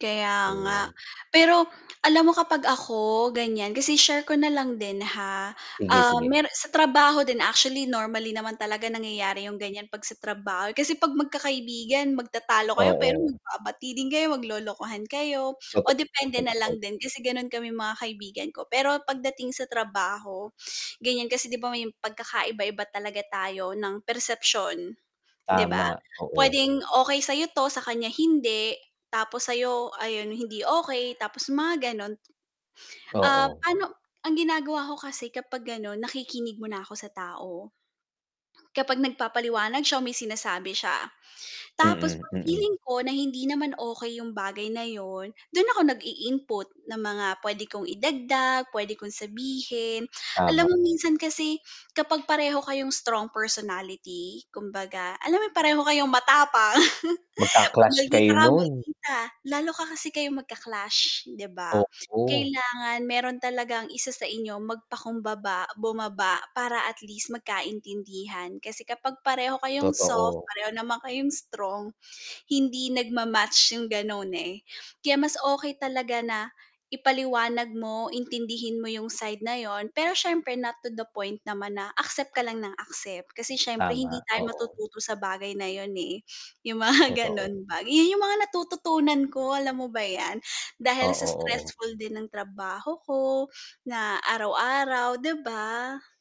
kaya nga, pero alam mo kapag ako ganyan, kasi share ko na lang din ha, Sige um, sige. meron sa trabaho 'din actually normally naman talaga nangyayari 'yong ganyan 'pag sa trabaho kasi 'pag magkakaibigan magtatalo kayo pero Oo. magbabati 'din kayo maglolokohan kayo Tot oh, depende na lang totoo. 'din kasi gano'n kami mga kaibigan ko pero pagdating sa trabaho, ganyan kasi 'di ba, may pagkakaiba-iba talaga tayo ng perception. 'Di Tama, ba? oo. Puwedeng okey sa 'yo 'to sa kanya hindi. Tapos sa ay hindi okey tapos mga gano'n ah, Oo. paano ang ginagawa ko kasi kapag ga'non nakikinig mo na ako sa tao, kapag nagpapaliwanag siya may sinasabi siya, tapos Mm, pag mm. feeling ko na hindi naman okay yung bagay na yun, 'dun ako nag-input ng mga pwede kong idagdag pwede kong sabihin alam Tama. mo minsan kasi kapag pareho kayong strong personality kumbaga alam mo pareho kayong matapang, magka pag clash maldita kayo ka nun, maldita, lalo ka kasi kayong mag-clash, 'di ba? Oo. Kailangan meron talagang isa sa inyo magpakumbaba, bumaba, para at least magkaintindihan kasi kapag pareho kayong soft Totoo. pareho naman kayong strong, hindi nag-ma-match 'yong gano'n eh, kaya mas okey, talaga na ipaliwanag mo intindihin mo 'yong side na 'yon pero siyempre not to the point naman na accept ka lang ng accept, kasi siyempre hindi Tama tayo oo. matututo sa bagay na 'yon 'yong mga Totoo. gano'n ba 'yon 'yong mga natututunan ko alam mo ba 'yan? Dahil sa Oo, oo. stressful 'din ng trabaho ko na araw-araw 'di ba?